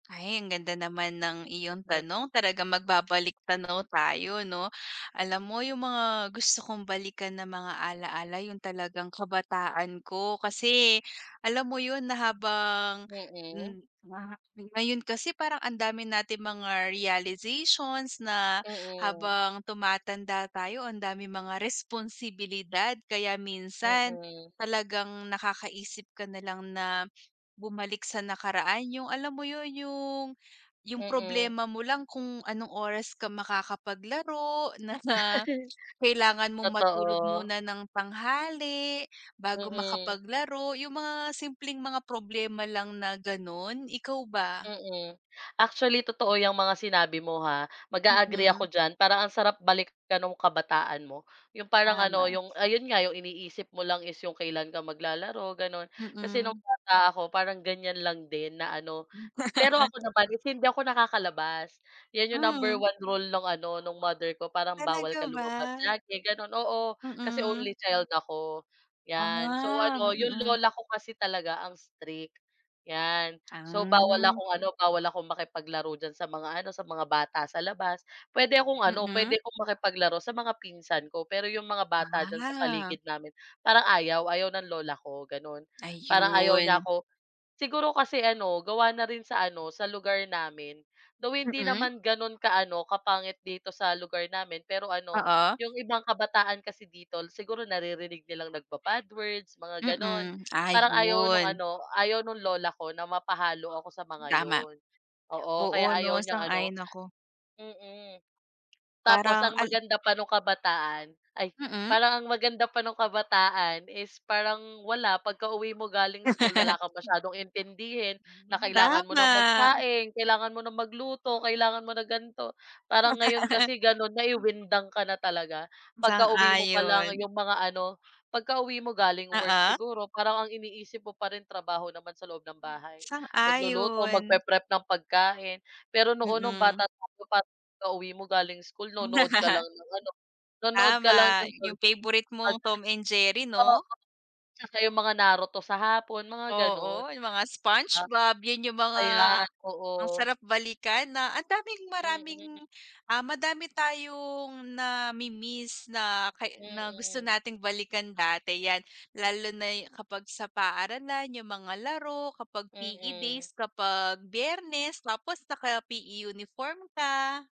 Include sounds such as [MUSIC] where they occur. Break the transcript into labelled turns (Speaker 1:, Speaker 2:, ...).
Speaker 1: Ay, ang ganda naman ng iyong
Speaker 2: Mm.
Speaker 1: tanong, talagang magbabalik-tanaw tayo 'no? Alam mo, yung mga gusto kong balikan na mga alaala yung talagang kabataan ko. Kasi alam mo yun na habang,
Speaker 2: Mm.
Speaker 1: hmm, na ngayon kasi parang ang dami nating mga realizations na
Speaker 2: Mm.
Speaker 1: habang tumatanda tayo ang daming mga responsibilidad. Kaya minsan,
Speaker 2: Mm.
Speaker 1: talagang nakakaisip ka na lang na bumalik sa nakaraan. Yung alam mo yun yung yung
Speaker 2: Mm.
Speaker 1: problema mo lang kung anong oras ka makakapaglaro, na na
Speaker 2: [LAUGHS]
Speaker 1: kailangan mong matulog
Speaker 2: Totoo.
Speaker 1: muna ng tanghali, bago
Speaker 2: Mm.
Speaker 1: makapaglaro yung mga simpleng mga problema lang na ganon. Ikaw ba?
Speaker 2: Mm. Actually totoo yang mga sinabi mo ha. Mag-a-agree
Speaker 1: Mm.
Speaker 2: ako diyan. Parang ang sarap balikan nung kabataan mo. Yung parang ano,
Speaker 1: Tama.
Speaker 2: yung ayun nga, yung iniisip mo lang is yung kailan ka maglalaro, ganun. Kasi nung
Speaker 1: Mm.
Speaker 2: bata ako parang ganyan lang din na ano. Pero
Speaker 1: [LAUGHS]
Speaker 2: ako naman hindi ako nakakalabas, yun yung number
Speaker 1: Mm.
Speaker 2: 1 rule nung ano, nung mother ko parang bawal
Speaker 1: Talaga
Speaker 2: ka
Speaker 1: ba?
Speaker 2: lumabas lagi, ganun oo, kasi
Speaker 1: Mm.
Speaker 2: only child ako, yan. So,
Speaker 1: Ah,
Speaker 2: ano yung
Speaker 1: mm.
Speaker 2: lola ko kasi talaga ang strict, yan. So bawal
Speaker 1: Hmm.
Speaker 2: akong ano bawal akong makipaglaro diyan sa mga ano, sa mga bata sa labas. Pwede akong ano,
Speaker 1: Mm.
Speaker 2: pwede akong makipaglaro sa mga pinsan ko. Pero yung mga bata diyan sa
Speaker 1: Ah.
Speaker 2: paligid namin, parang ayaw. Ayaw ng lola ko ganun. Parang ayaw niya
Speaker 1: Ayun.
Speaker 2: ko siguro kasi ano gawa na rin sa ano, sa lugar namin. Though hindi
Speaker 1: Mm.
Speaker 2: naman ganun ka-ano, kapangit dito sa lugar namin, pero ano
Speaker 1: Oo.
Speaker 2: yung ibang kabataan kasi dito siguro naririnig nilang nagba-bad words, mga ganun.
Speaker 1: Mm,
Speaker 2: Parang ayaw nung
Speaker 1: ayun.
Speaker 2: ano, ayaw nung lola ko na mapahalo ako sa mga
Speaker 1: Tama.
Speaker 2: yun. Oo,
Speaker 1: Oo
Speaker 2: kaya
Speaker 1: 'no,
Speaker 2: ayaw niyang ano
Speaker 1: sang-ayon ako.
Speaker 2: mm. Tapos
Speaker 1: Parang
Speaker 2: ang
Speaker 1: al
Speaker 2: maganda pa nung kabataan ay
Speaker 1: Mm.
Speaker 2: parang ang maganda pa nung kabataan is parang, wala, pagkauwi mo galing school, wala
Speaker 1: [LAUGHS]
Speaker 2: kang masyadong intindihin na kailangan mo nang
Speaker 1: Tama.
Speaker 2: magsaing, kailangan mo nang magluto, kailangan mo na ganito. Parang ngayon
Speaker 1: [LAUGHS]
Speaker 2: kasi, gano'n, ay, windang ka na talaga. Pagkauwi mo pa lang,
Speaker 1: Sang-ayon.
Speaker 2: yung mga ano, pagkauwi mo galing work,
Speaker 1: Oo.
Speaker 2: siguro parang ang iniisip mo pa rin trabaho naman sa loob ng bahay, magluluto
Speaker 1: Sang-ayon.
Speaker 2: mag-pre-prep ng pagkain. Pero noon nung
Speaker 1: Mm.
Speaker 2: bata tayo pagka-uwi mo galing school, nonood ka lang
Speaker 1: [LAUGHS]
Speaker 2: ng ano, nonood ka lang ng
Speaker 1: Tama, yung favorite mong,
Speaker 2: [UNINTELLIGIBLE]
Speaker 1: "Tom and Jerry"
Speaker 2: Oo,
Speaker 1: 'no?
Speaker 2: tsaka yung mga Naruto sa hapon mga ganon,
Speaker 1: Oo,
Speaker 2: 'di
Speaker 1: yung mga
Speaker 2: ba?
Speaker 1: "Spongebob" yun yung mga,
Speaker 2: Ayan,
Speaker 1: ang
Speaker 2: oo.
Speaker 1: sarap balikan na ang daming maraming,
Speaker 2: Mm.
Speaker 1: ah, madami tayong nami-miss na kay na gusto
Speaker 2: Mm.
Speaker 1: nating balikan dati yan. Lalo na'y kapag sa paaralan, yung mga laro kapag PE
Speaker 2: Mm.
Speaker 1: days, kapag Biyernes, tapos naka-PE uniform ka.